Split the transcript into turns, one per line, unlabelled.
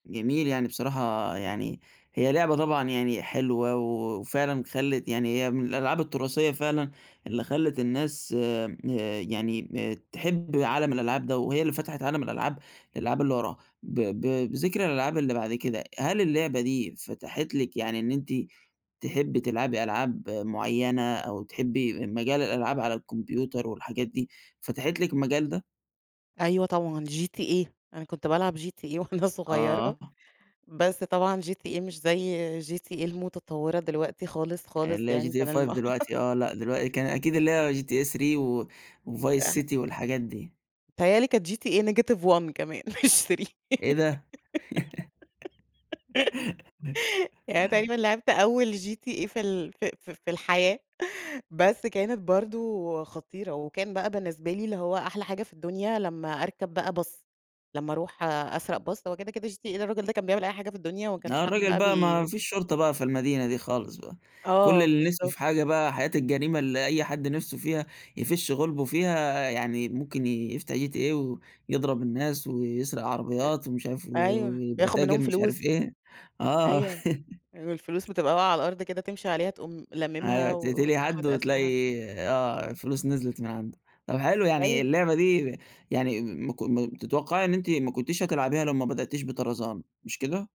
جميل، يعني بصراحة يعني هي لعبة طبعًا يعني حلوة وفعلًا خلّت يعني هي من الألعاب التراثية فعلًا، اللي خلّت الناس ه يعني م تحب عالم الألعاب ده وهي اللي فتحت عالم الألعاب للألعاب اللي وراها، ب ب بذِكر الألعاب اللي بعد كده، هل اللعبة دي فتحت لِك يعني إن أنتِ تحبي تلعبي ألعاب مُعينة أو تحبي المجال الألعاب على الكمبيوتر والحاجات دي. فتحت لِك المجال ده؟
أيوه طبعًا، GTA، أنا كُنت بالعب GTA وأنا صُغيرة.
آه
بس طبعًا GTA مش زي GTA المتطورة دلوقتي خالص، خالص
اللي هي
يعني
GTA
كان الم
5 دلوقتي آه لأ، دِلوقِ كان أكيد اللي هي GTA 3 و وVice
أ
city والحاجات دي.
متهيأ لي كانت GTA -1 كمان مش 3
إيه ده؟
يعني تقريبًا لعِبت أول GTA في ال ف في الحياة، بس كانت برضه خطيرة. وكان بقى بالنسبة لي، اللي هو أحلى حاجة في الدنيا، لمّا أركب بقى bus لمّا أروح أسرق bus. هو كده، كده GTA ده الرجل ده كان بيعمل أي حاجة في الدنيا، وما كانش
آه،
حدّ
الرجل
بقى
بقى ما ما
بي
فيش شُرطة بقى في المدينة دي خالص بقى. كل
آه
اللي نِفسه
بالضبط.
في حاجة بقى حياة الجريمة، اللي أي حدّ نِفسه فيها يفش غُلبُه فيها، يعني مُمكن يفتح GTA ويضرب الناس ويسرق
أ
عربيات ومش عارف و
أيوه،
ويبقى
ياخد منهم
تاجر مش عارف
فلوس.
إيه آه
أيوه، أ والفلوس بتبقى واقعة على الأرض كده، تمشي عليها، تقوم
أيوه،
لامِمّها
تِقتلي حدّ
وتاخد أسلحة.
وتلاقي آه، فلوس نزلِت من عنده. طَب حلو يعني
أيوه.
اللعبة دي ب يعني ما ك م تتوقعي إن أنتِ ما كُنتيش هَتِلّعبيها لو ما بدأتيش بطرازان مش كده؟